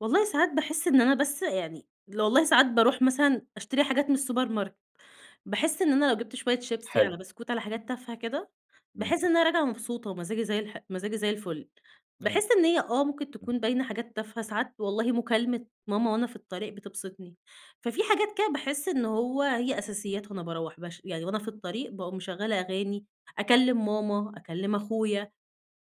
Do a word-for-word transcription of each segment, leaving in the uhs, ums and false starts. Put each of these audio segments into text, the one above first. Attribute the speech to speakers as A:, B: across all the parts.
A: والله ساعات باحس إن أنا، بس يعني والله ساعات بارُوح مثلًا أشتري حاجات من السوبر ماركت باحس إن أنا لو جِبت شوية شيبسي
B: حلو.
A: على بسكوت على حاجات تافهة كده،
B: إمم.
A: باحس إن أنا راجعة مبسوطة ومزاجي زي الح ومزاجي زي الفل،
B: أيوه
A: باحس إن هي آه، ممكن
B: إمم.
A: تكون باينة حاجات تافهة، ساعات والله مكالمة ماما وأنا في الطريق بتبسِطني، ففي حاجات كده باحس إن هو هي أساسيات وأنا باروَّح باش يعني وأنا في الطريق باقوم مشغّلة أغاني، أكلّم ماما أكلّم أخويا،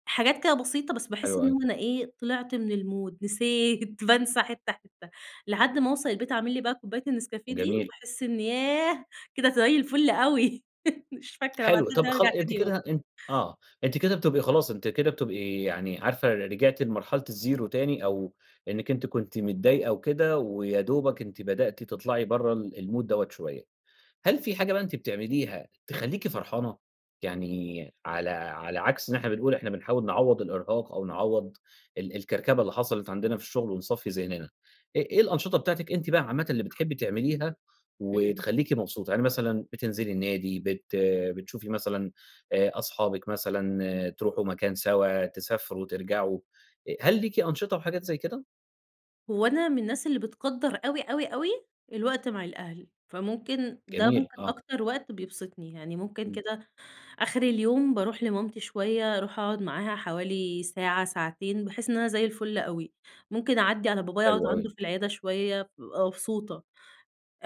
A: حاجات كده بسيطة بس باحس
B: حلوة
A: إن
B: أوي.
A: أنا إيه، طلِعت من المود نسيت بانسى حِتّة حِتّة لحد ما اوصَل البيت أعمل لي بقى كوباية النسكافيه دي
B: جميل.
A: وباحس إني ياه، كده زي الفل أوي، مش فاكرة بقى
B: حلو،
A: لحد
B: طَب
A: ما
B: خ
A: أرجَع
B: أنتِ
A: تاني يوم.
B: كده أ آه، أنتِ كده بتبقي خلاص، أنتِ كده بتبقي يعني عارفة رجِعتِ لمرحلة الزيرو تاني أو إنِك أنتِ كنتِ متضايقة وكده ويا دوبك أنتِ بدأتِ تطلَعي برَّه ال المود ده شوية. هل فيه حاجة بقى أنتِ بتعمليها تخلّيكِ فرحانة، يعني على على عكْس إن إحنا بنقول إحنا بنحاول نعوّض الإرهاق أو نعوّض ال الكركبة اللي حصَلِت عندنا في الشغل ونصفّي ذهننا. إ إيه الأنشطة بتاعتِك أنتِ بقى عامةً اللي بتحبي تعمليها
A: إمم.
B: وتخلّيكِ مبسوطة؟ يعني مثلًا بتنزِلي النادي، بت بتشوفي مثلًا آآ أصحابِك مثلًا، ترُوحوا مكان سَوا، تسافروا، ترجَعوا، أ هل ليكِ أنشطة وحاجات زي كده؟
A: هو أنا من الناس اللي بتقدّر أوي، أوي، أوي الوقت مع الأهل، فممكن ده
B: جميل،
A: ممكن
B: آه.
A: أكتر وقت بيبسِطني، يعني ممكن
B: إمم.
A: كده آخِر اليوم بارُوح لمامتي شوية، أرُوح أقعُد معاها حوالي ساعة، ساعتين، باحس إن أنا زي الفل أوي، ممكن أعدّي على بابايا أقعُد
B: حلو أوي.
A: عَنده في العيادة شوية، بابقى مبسوطة،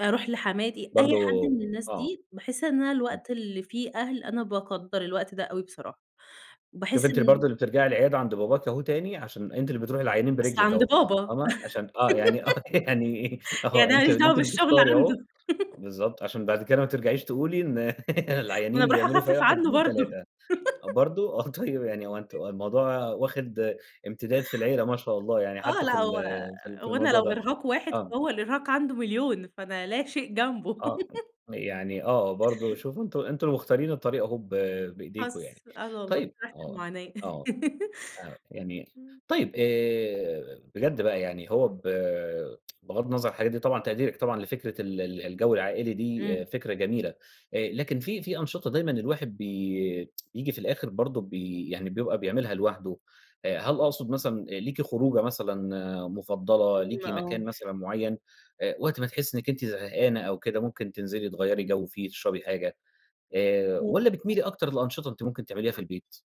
A: أرُوح لحماتي، أي
B: برضه
A: حد من الناس
B: آه.
A: دي باحس إن أنا
B: إمم.
A: الوقت اللي فيه أهل، أنا باقدّر الوقت ده أوي بصراحة،
B: شوفِ
A: وباحس
B: أنتِ برضه
A: إن
B: اللي بترجَعي العيادة عَند باباكِ أهو تاني عشان أنتِ اللي بترُوحي للعيّانين
A: بس
B: برِجلِك
A: عَند
B: أهو،
A: بابا،
B: فاهمة؟ عشان آه، يعني آه، يعني أهو،
A: يعني أنا ما
B: أنتِ أنتِ
A: ليش
B: اللي
A: دعوة
B: أنتِ
A: بالشغل
B: بتختاري أهو،
A: عَنده؟
B: بالضبط، عشان بَعد كده ماترجَعيش تقولي إن
A: ما أنا
B: العيّانين
A: بارُوح
B: بيعملوا فيَّ
A: أخفِّف
B: واحد،
A: عنه
B: إتنين،
A: برضه.
B: تلاتة برضه، آه. طيب، يعني هو أنتم الموضوع واخِد إمتداد في العيلة ما شاء الله، يعني
A: آه،
B: حتى في
A: لأ
B: ال
A: هو
B: في في
A: هو أنا
B: الموضوع
A: لو
B: ده؟
A: إرهاق واحد
B: آه.
A: فهو الإرهاق عَنده مليون فأنا لا شيء جنبه.
B: آه أ يعني آه، برضه شوفوا أنتم أنتم اللي مختارين الطريق أهو ب بإيديكم يعني.
A: حص آه والله،
B: طيب،
A: في نفْس
B: آه،
A: المعاناة.
B: آه، آه، يعني
A: إمم.
B: طيب آآ، بجد بقى يعني، هو ب بغَض النظر الحاجات دي طبعًا تقديرِك طبعًا لفكرة ال الجو العائلي دي، آآ
A: إمم.
B: فكرة جميلة، آآ لكن في في أنشطة دايمًا الواحد بي ييجي في الآخر برضه بي يعني بيبقى بيعملها لوحده. آآ هل أقصُد مثلًا أ ليكِ خروجة مثلًا مفضّلة، ليكِ
A: فاهمة آه.
B: مكان مثلًا معيّن آآ، وقت ما تحسّي إنِك أنتِ زهقانة أو كده، ممكن تنزِلي تغيَّري جو فيه، تشرَبي حاجة آآ، والّا
A: [unintelligible]
B: بتميلي أكتر لأنشطة أنتِ ممكن تعمليها في البيت؟